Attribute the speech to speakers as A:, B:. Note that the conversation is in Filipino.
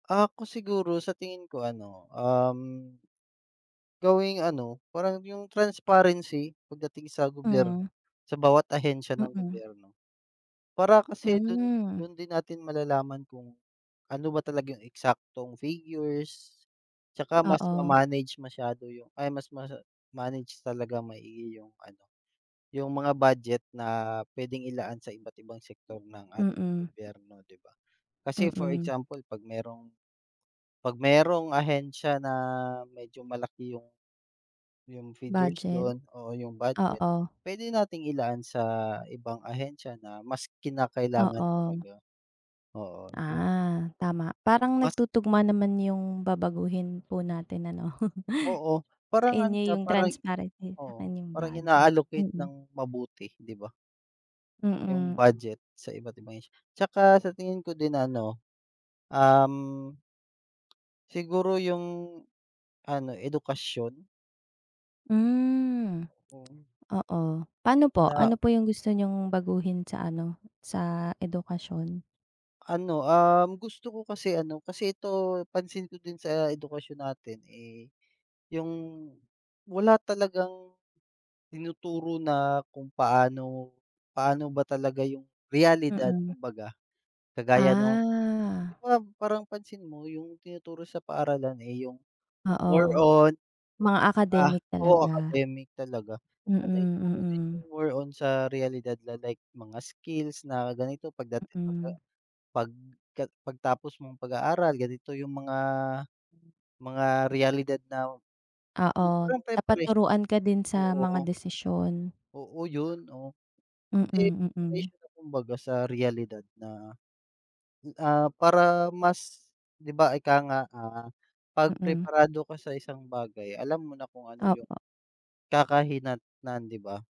A: Ako siguro sa tingin ko ano, um, gawing ano parang 'yung transparency pagdating sa
B: Hmm.
A: gobyerno. Sa bawat ahensiya ng
B: Mm.
A: gobyerno, para kasi dun
B: Hmm.
A: dun din natin malalaman kung, ano ba talaga 'yung eksaktong figures, at saka mas
B: Oo.
A: ma-manage masyado 'yung ay mas ma-manage talaga maigi 'yung ano yung mga budget na puwedeng ilaan sa iba't-ibang sektor ng ating
B: Mm.
A: gobyerno 'di ba? Kasi for
B: Mm.
A: example pag merong pag merong ahensya na medyo malaki yung yung figures
B: Budget,
A: don oo yung budget,
B: oo.
A: puwede nating ilaan sa ibang ahensya na mas kinakailangan
B: Oo.
A: talaga oo yung
B: Ah, tama parang
A: Mas
B: nagtutugma naman 'yung babaguhin po natin ano.
A: Oo,
B: Sa
A: parang ano
B: inyo
A: siya
B: 'yung
A: parang
B: transparency, sa
A: oo
B: 'kin 'yung
A: parang
B: budget.
A: ina-allocate
B: Mm.
A: ng mabuti 'di ba? 'Yung
B: Mm.
A: budget sa iba't ibang ahensya, at saka sa tingin ko din ano, um, siguro 'yung ano edukasyon.
B: Hmm,
A: Oo.
B: oo paano po,
A: Na
B: ano po 'yung gusto niyong baguhin sa ano sa edukasyon?
A: Ano, um, gusto ko kasi ano kasi ito pansin ko din sa edukasyon natin eh 'yung wala talagang tinuturo na kung paano paano ba talaga yung realidad
B: Mm.
A: kumbaga, kagaya nung 'di
B: Ah.
A: ba parang pansin mo yung tinuturo sa paaralan eh 'yung more
B: Oo,
A: on
B: mga
A: ah,
B: academic
A: oo
B: talaga.
A: academic talaga. Sana ituro
B: Mm.
A: din
B: Mm.
A: 'yung more on sa realidad la like mga skills na ganito pagda pagka
B: Mm.
A: pag pagtapos mong pag-aaral ganito yung mga mga realidad na,
B: Oo,
A: parang
B: dapat
A: preparation
B: turuan ka din sa
A: oo.
B: mga desisyon.
A: Oo, yun oh, kasi
B: Mm. Mm.
A: preparation na kumbaga sa realidad na, ah, para mas 'di ba ika nga, ah, kapag
B: Mm.
A: preparado ka sa isang bagay alam mo na kung ano yung
B: Opo.
A: kakahinatnan 'di ba.